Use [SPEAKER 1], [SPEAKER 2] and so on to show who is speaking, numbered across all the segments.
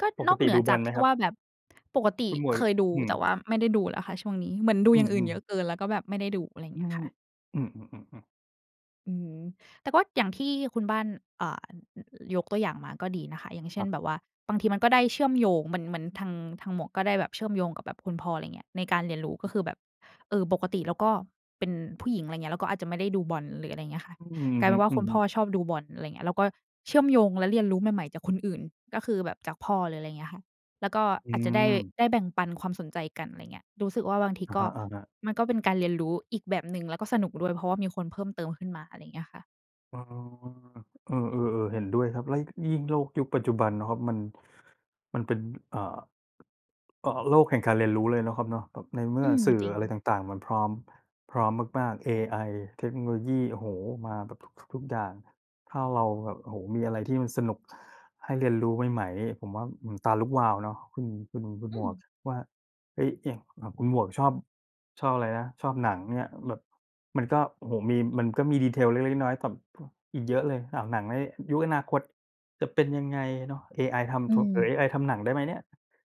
[SPEAKER 1] ก็
[SPEAKER 2] ป
[SPEAKER 1] น
[SPEAKER 2] ก
[SPEAKER 1] อก
[SPEAKER 2] ต
[SPEAKER 1] เ
[SPEAKER 2] ิด
[SPEAKER 1] หนื
[SPEAKER 2] ด
[SPEAKER 1] อ
[SPEAKER 2] ู
[SPEAKER 1] จ
[SPEAKER 2] บอ
[SPEAKER 1] า
[SPEAKER 2] ล
[SPEAKER 1] ก
[SPEAKER 2] ไห
[SPEAKER 1] ท
[SPEAKER 2] ม
[SPEAKER 1] ี่
[SPEAKER 2] ครับ?
[SPEAKER 1] ว่าแบบ ปกต
[SPEAKER 2] ค
[SPEAKER 1] ิ
[SPEAKER 2] ุณหมว
[SPEAKER 1] เ
[SPEAKER 2] ก
[SPEAKER 1] คยดู
[SPEAKER 2] อืม
[SPEAKER 1] แต่ว่าไม่ได้ดูแล้วค่ะช่วงนี้ เหมือนดู
[SPEAKER 2] อื
[SPEAKER 1] อย่างอื่น
[SPEAKER 2] ม
[SPEAKER 1] เยอ
[SPEAKER 2] ๆ
[SPEAKER 1] ะเกิน แล้วก็แบบไม่ได้ดู อะไรอย่า
[SPEAKER 2] อ
[SPEAKER 1] ง
[SPEAKER 2] ื
[SPEAKER 1] เงี้ย
[SPEAKER 2] ม
[SPEAKER 1] ค่ะ
[SPEAKER 2] อืม ๆ ๆ ๆ
[SPEAKER 1] อืม แต่ก็อย่างที่คุณบ้าน อ่า อ ยกตัวอย่างมาก็ดีนะคะ อย่างเช
[SPEAKER 2] ค
[SPEAKER 1] ่
[SPEAKER 2] รั
[SPEAKER 1] น
[SPEAKER 2] บ
[SPEAKER 1] แบบว่า บางทีมันก็ได้เชื่อมโยง เหมือน เหมือนทาง ทางหมวกก็ได้แบบเชื่อมโยงกับแบบคุณพ่อ อะไรอย่างเงี้ย ในการเรียนรู้
[SPEAKER 2] อ
[SPEAKER 1] ก็
[SPEAKER 2] ืม
[SPEAKER 1] คือแบบ เอ่อ ปกติเราก็เป็นผู้หญิง อะไรอย่างเงี้ย เราก็อาจจะไม่ได้ดูบอล หรืออะไรอย่างเงี้ยค่ะ
[SPEAKER 2] อือ
[SPEAKER 1] กลาย
[SPEAKER 2] ฮึ
[SPEAKER 1] เป็นว่าคุณพ่อ
[SPEAKER 2] ๆ
[SPEAKER 1] ชอบดูบอล อะไรอย่างเงี้ย แล้วก็เชื่อมโยงและเรียนรู้ใหม่ ๆ จากคนอื่น ก็คือแบบจากพ่อเลย อะไรอย่างเงี้ยค่ะ แล้วก็
[SPEAKER 2] อื
[SPEAKER 1] อาจจะได้
[SPEAKER 2] ม
[SPEAKER 1] ได้แบ่งปันความสนใจกัน อะไรอย่างเงี้ย รู้สึกว่าบางที
[SPEAKER 2] อะ
[SPEAKER 1] ก
[SPEAKER 2] ฮ
[SPEAKER 1] ็
[SPEAKER 2] ะ ๆ
[SPEAKER 1] มันก็เป็นการเรียนรู้อีกแบบหนึ่ง แล้วก็สนุกด้วย เพราะว่ามีคนเพิ่มเติมขึ้นมา อะไรอย่างเงี้ยค่ะ
[SPEAKER 2] อ๋อ เออ ๆ ๆ เห็นด้วยครับ แล้ว ยิ่งโลกยุคปัจจุบันเนาะครับ มัน มันเป็น อ่า อ อา โลกแห่งการเรียนรู้เลยเนาะครับเนาะ แบบในเมื
[SPEAKER 1] อ
[SPEAKER 2] ่
[SPEAKER 1] ื
[SPEAKER 2] อ
[SPEAKER 1] ม
[SPEAKER 2] สื่อ
[SPEAKER 1] จริ
[SPEAKER 2] อ
[SPEAKER 1] ง
[SPEAKER 2] ะไรต่าง ๆ มันพร้อม พร้อมมาก ๆ เอไอ เทคโนโลยี โอ้โฮ มาแบบทุก ทุก ทุกอย่าง ถ้าเราแบบ โอ้โฮ มีอะไรที่มันสนุกให้เรียนรู้ใหม่ ๆ นี่ผมว่า อื้อฮือ ตาลุกวาวเนาะ คุณ คุณ คุณ
[SPEAKER 1] อ
[SPEAKER 2] หม
[SPEAKER 1] ื
[SPEAKER 2] วก
[SPEAKER 1] ม
[SPEAKER 2] คิดว่า เอ๊ย อย่าง อ่า คุณหมวกชอบ ชอบอะไรนะ ชอบหนัง อย่างเงี้ย แบบมันก็ โอ้โฮ มี มันก็มี Detail เล็ก ๆ น้อย ๆ แต่ พ อีกเยอะเลย อ้าว หนังในยุคอนาคตจะเป็นยังไงเนาะ เอไอท
[SPEAKER 1] อื
[SPEAKER 2] ำถวก หรือ
[SPEAKER 1] ม
[SPEAKER 2] เอไอทำหนังได้ไหมเนี่ย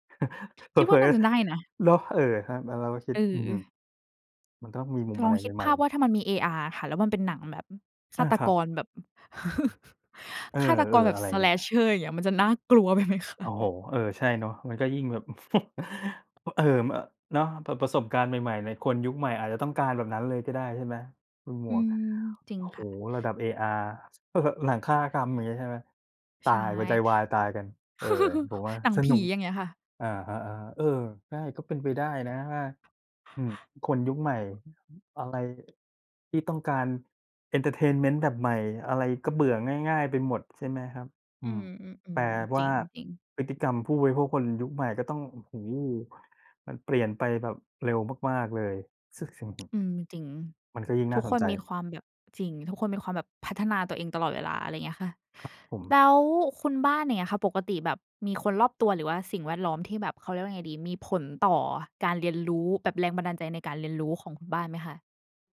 [SPEAKER 2] เ
[SPEAKER 1] คิดว
[SPEAKER 2] ผ
[SPEAKER 1] ่
[SPEAKER 2] ล
[SPEAKER 1] าน่
[SPEAKER 2] อ
[SPEAKER 1] าจะได้นะ
[SPEAKER 2] ๆ เนาะ เออ ครับ แล้วเราก็คิ
[SPEAKER 1] เ
[SPEAKER 2] ด อือฮึ
[SPEAKER 1] ออ
[SPEAKER 2] มันก็ต้องมีมุม
[SPEAKER 1] ล
[SPEAKER 2] อะ
[SPEAKER 1] อง
[SPEAKER 2] ไร
[SPEAKER 1] คิด
[SPEAKER 2] ให
[SPEAKER 1] ภ
[SPEAKER 2] ม่
[SPEAKER 1] าพว
[SPEAKER 2] ๆ
[SPEAKER 1] ่า ถ้ามันมี AR อะค่ะ แล้วมันเป็นหนังแบบ อ ฆ
[SPEAKER 2] อา
[SPEAKER 1] าต
[SPEAKER 2] ครั
[SPEAKER 1] ก
[SPEAKER 2] บ
[SPEAKER 1] รแบบ อ
[SPEAKER 2] เออ
[SPEAKER 1] ฆาตกรแบ
[SPEAKER 2] ๆ
[SPEAKER 1] บ
[SPEAKER 2] อะไรอย่างเงี้ย
[SPEAKER 1] Slasher อย่างเงี้ย มันจะน่ากลัว ไปไหมคะ?
[SPEAKER 2] โอ้โฮ เออ ใช่เนาะ มันก็ยิ่งแบบ อ เออ เนาะ เปิดประสบการณ์ใหม่ ๆ เลย คนยุคใหม่อาจจะต้องการแบบนั้นเลยก็ได้ใช่ไหม คุณหม
[SPEAKER 1] อื
[SPEAKER 2] วก
[SPEAKER 1] ม จริ
[SPEAKER 2] โอ
[SPEAKER 1] ง
[SPEAKER 2] ้โ
[SPEAKER 1] ค
[SPEAKER 2] ฮ
[SPEAKER 1] ่ะ
[SPEAKER 2] ระดับ AR หนังฆาตกรรม อย่างนี้ใช่ไหม ต
[SPEAKER 1] ใ
[SPEAKER 2] า
[SPEAKER 1] ช่
[SPEAKER 2] ย หัวใจวายตายกัน เออ ผมว่า
[SPEAKER 1] หนัง
[SPEAKER 2] ส
[SPEAKER 1] ผ
[SPEAKER 2] นุ
[SPEAKER 1] ี
[SPEAKER 2] ก
[SPEAKER 1] อย่างเงี้ยค่ะ
[SPEAKER 2] อะฮะ ๆ เออ ใช่ ก็เป็นไปได้นะ อา อืม คนยุคใหม่ อะไร ที่ต้องการ เอนเทอร์เทนเมนต์ แบบใหม่ อะไรก็เบื่อง่าย ๆ ไปหมดใช่ไหมครับ อ
[SPEAKER 1] อ
[SPEAKER 2] ื
[SPEAKER 1] ื
[SPEAKER 2] ม แปล
[SPEAKER 1] ม ๆ ๆ
[SPEAKER 2] ว
[SPEAKER 1] จ
[SPEAKER 2] ่
[SPEAKER 1] ร
[SPEAKER 2] า
[SPEAKER 1] ิง ๆ
[SPEAKER 2] พฤติกรรมผู้บริโภค คนยุคใหม่ก็ต้อง โอ้โฮ มันเปลี่ยนไปแบบเร็วมาก ๆ เลย ส สิ่ง ฮ
[SPEAKER 1] อืม จริง
[SPEAKER 2] มันก็ยิ่งน
[SPEAKER 1] ท
[SPEAKER 2] ่
[SPEAKER 1] ุ
[SPEAKER 2] า
[SPEAKER 1] ก
[SPEAKER 2] ส
[SPEAKER 1] ค
[SPEAKER 2] น
[SPEAKER 1] น
[SPEAKER 2] ใจ
[SPEAKER 1] มีความแบบ จริง ทุกคนมีความแบบพัฒนาตัวเองตลอดเวลา อะไรอย่างเงี้ยค่ะ
[SPEAKER 2] ครับผม
[SPEAKER 1] แล้วคุณบ้านอย่างเงี้ยค่ะ ปกติแบบมีคนรอบตัว หรือว่าสิ่งแวดล้อมที่แบบ เขาเรียกว่ายังไงดี มีผลต่อการเรียนรู้ แบบแรงบันดาลใจในการเรียนรู้ของคุณบ้านไหมคะ?